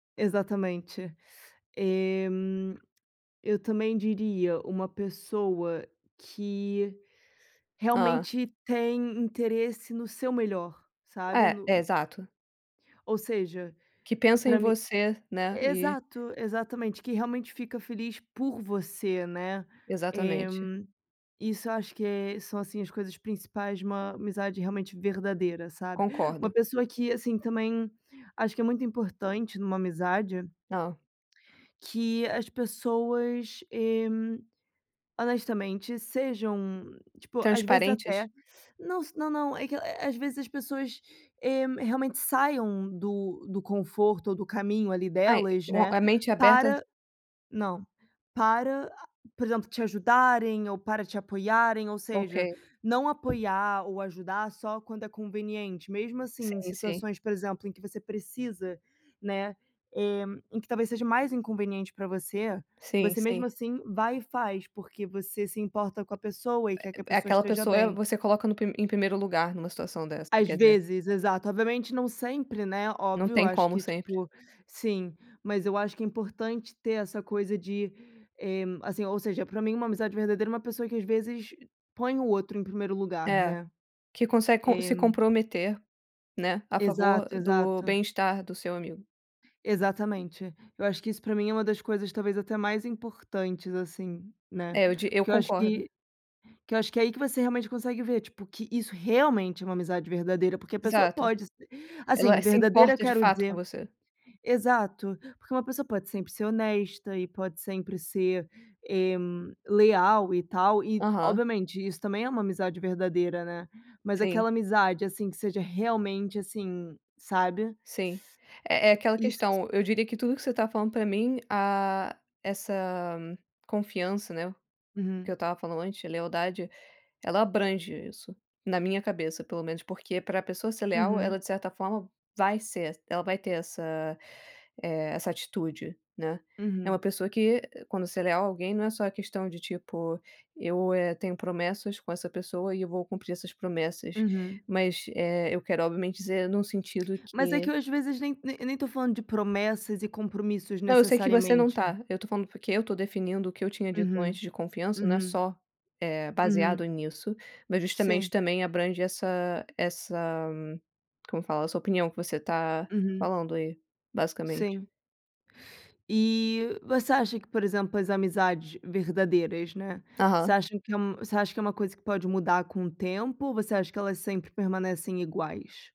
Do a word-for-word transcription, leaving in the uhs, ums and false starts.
Exatamente. Eh, eu também diria, uma pessoa que Ah. realmente tem interesse no seu melhor, sabe. É, e No exato. Ou seja, Que pensa em pra mi você, né, e exato. Exatamente, que realmente fica feliz por você, né. Eh, Exatamente. isso eu acho que é são, assim, as coisas principais de uma amizade realmente verdadeira, sabe, uma Concordo. pessoa que, assim, também, acho que é muito importante numa amizade Hã. que as pessoas, eh, honestamente sejam tipo, às vezes até Transparentes? não s não não é que, eh, às vezes as pessoas, eh, realmente saiam do do conforto ou do caminho ali Ai, delas, o né, a mente aberta para não. Para, por exemplo, te ajudarem ou para te apoiarem, ou seja, OK. não apoiar ou ajudar só quando é conveniente, mesmo, assim, em Sim, sim. situações, por exemplo, em que você precisa, né, eh, em que talvez seja mais inconveniente pra você Sim, você mesmo sim. assim vai e faz, porque você se importa com a pessoa e quer que a É pessoa aquela esteja pessoa bem. você coloca no pri em primeiro lugar, numa situação dessa, você Às quer dizer. vezes, exato. Obviamente não sempre, né, Não óbvio, eu tem acho como que, sempre. tipo sim. Mas eu acho que é importante ter essa coisa de, eh, assim, ou seja, pra mim uma amizade verdadeira é uma pessoa que às vezes põe o outro em primeiro lugar, É. né. Que consegue com É. se comprometer, né, a favor Exato, do exato. bem-estar do seu amigo. Exatamente. Eu acho que isso pra mim é uma das coisas, talvez, até mais importantes, assim, né. É, eu di eu Porque eu acho concordo. que que eu acho que é aí que você realmente consegue ver, tipo, que isso realmente é uma amizade verdadeira, porque a pessoa Exato. pode assim, Ela se verdadeira, eu importa, de quero fato, com dizer você. exato. Porque uma pessoa pode sempre ser honesta e pode sempre ser, eh, leal e tal e, Aham. obviamente isso também é uma amizade verdadeira, né. Mas Sim. aquela amizade, assim, que seja realmente, assim, sabe. Sim. É é aquela Isso. questão. Eu diria que tudo que você tá falando pra mim, ah, essa confiança, né, o que eu Uhum. estava falando antes, a lealdade, ela abrange isso. Na minha cabeça, pelo menos, porque pra pessoa ser leal, Uhum. ela de certa forma vai ser ela vai ter essa, eh, essa atitude, né. É uma Uhum. pessoa que quando ser leal a alguém não é só a questão de tipo: "Eu, eh, tenho promessas com essa pessoa e eu vou cumprir essas promessas", Uhum. mas, eh, eu quero, obviamente dizer no sentido Mas é que que eu, às vezes, nem nem nem tô falando de promessas e compromissos, Não eu sei que você não necessariamente. tá. Eu tô falando porque eu tô definindo o que eu tinha dito Uhum. antes de confiança não é Uhum. só, eh, Uhum. baseado nisso, mas justamente Sim. também abrange essa essa como fala, a sua opinião que você tá Uhum. falando aí, basicamente. Sim. E você acha que, por exemplo, as amizades verdadeiras, né, você Aham. acha que é um você acha que é uma coisa que pode mudar com o tempo ou você acha que elas sempre permanecem iguais?